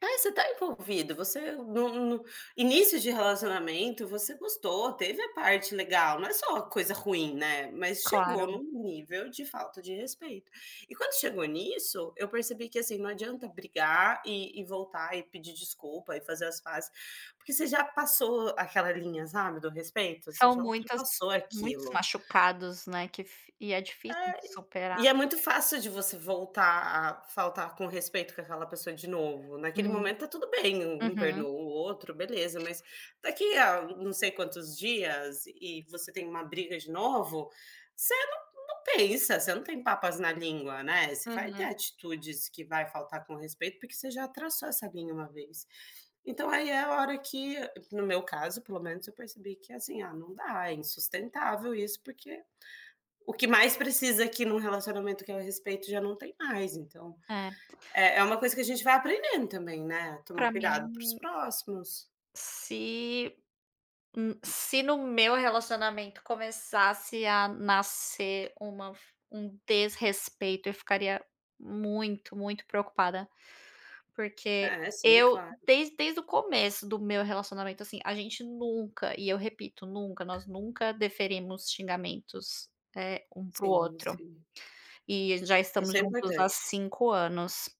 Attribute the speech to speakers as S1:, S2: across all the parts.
S1: Ah, você está envolvido, você no no início de relacionamento você gostou, teve a parte legal, não é só coisa ruim, né, mas chegou
S2: Claro.
S1: no nível de falta de respeito. E quando chegou nisso, eu percebi que, assim, não adianta brigar e e voltar e pedir desculpa e fazer as pazes, porque você já passou aquela linha, sabe, do respeito, você
S2: São
S1: já
S2: muitas
S1: ultrapassou
S2: muitos
S1: aquilo.
S2: machucados, né, que f e é difícil
S1: É,
S2: de superar.
S1: e e é muito fácil de você voltar a faltar com respeito com aquela pessoa de novo. Naquele
S2: Hum.
S1: momento está tudo bem, um
S2: Uhum.
S1: perdoa o outro, beleza, mas daqui a na não sei quantos dias e você tem uma briga de novo, você não não pensa, você não tem papas na língua, né, você vai ter
S2: Aham.
S1: atitudes que vai faltar com respeito porque você já traçou essa linha uma vez. Então aí é a hora que no meu caso pelo menos eu percebi que, assim, ah não dá, é insustentável isso porque o que mais precisa aqui em um relacionamento que é respeito já não tem mais então,
S2: É.
S1: é é uma coisa que a gente vai aprendendo também, né, tomar
S2: Pra
S1: cuidado para os
S2: mim
S1: próximos.
S2: se hum, se no meu relacionamento começasse a nascer uma f um desrespeito eu ficaria muito, muito preocupada. Porque
S1: É, sim,
S2: eu
S1: claro.
S2: desde desde o começo do meu relacionamento, assim, a gente nunca e eu repito, nunca, nós nunca deferimos xingamentos, eh, um para o
S1: Sim,
S2: outro.
S1: sim.
S2: E já
S1: Isso
S2: estamos
S1: é
S2: juntos há
S1: importante.
S2: 5 anos.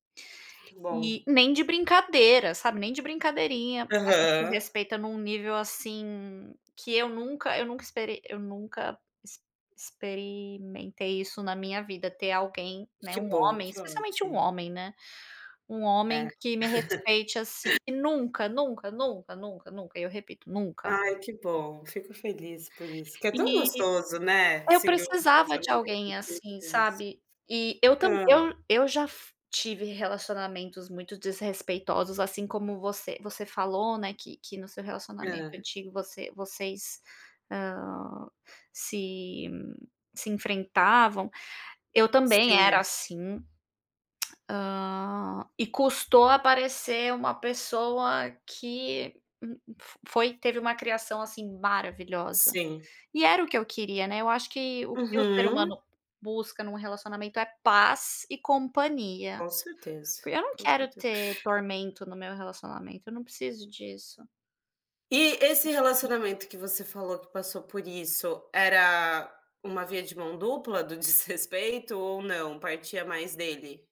S1: Que bom.
S2: E nem de brincadeira, sabe, nem de brincadeirinha, a gente se
S1: Aham.
S2: respeita em um nível, assim, que eu nunca eu nunca esperei eu nunca ex experimentei isso na minha vida ter alguém, né,
S1: Que
S2: um
S1: bom,
S2: homem
S1: que
S2: especialmente um
S1: ótimo.
S2: homem, né. Um
S1: É.
S2: homem que me respeite, assim, e nunca, nunca, nunca, nunca, nunca, eu repito nunca.
S1: Ai, que bom, fico feliz por isso. Porque é tão
S2: E
S1: gostoso, né,
S2: eu
S1: seguir um
S2: precisava de
S1: relacionamento,
S2: alguém,
S1: assim,
S2: assim,
S1: com isso.
S2: sabe. E eu tamb
S1: Hã.
S2: eu eu já tive relacionamentos muito desrespeitosos, assim, como você você falou, né, que que no seu relacionamento
S1: Hã.
S2: antigo você vocês, ah, se se enfrentavam, eu também era
S1: Sim.
S2: assim, ah, e custou aparecer uma pessoa que f foi teve uma criação assim maravilhosa.
S1: Sim.
S2: E era o que eu queria, né, eu acho que o que o ser
S1: Uhum.
S2: humano busca em um relacionamento é paz e companhia.
S1: Com certeza,
S2: Porque eu não
S1: com
S2: quero
S1: certeza.
S2: ter tormento no meu relacionamento, eu não preciso disso.
S1: E esse relacionamento que você falou que passou por isso, era uma via de mão dupla do desrespeito ou não, partia mais dele?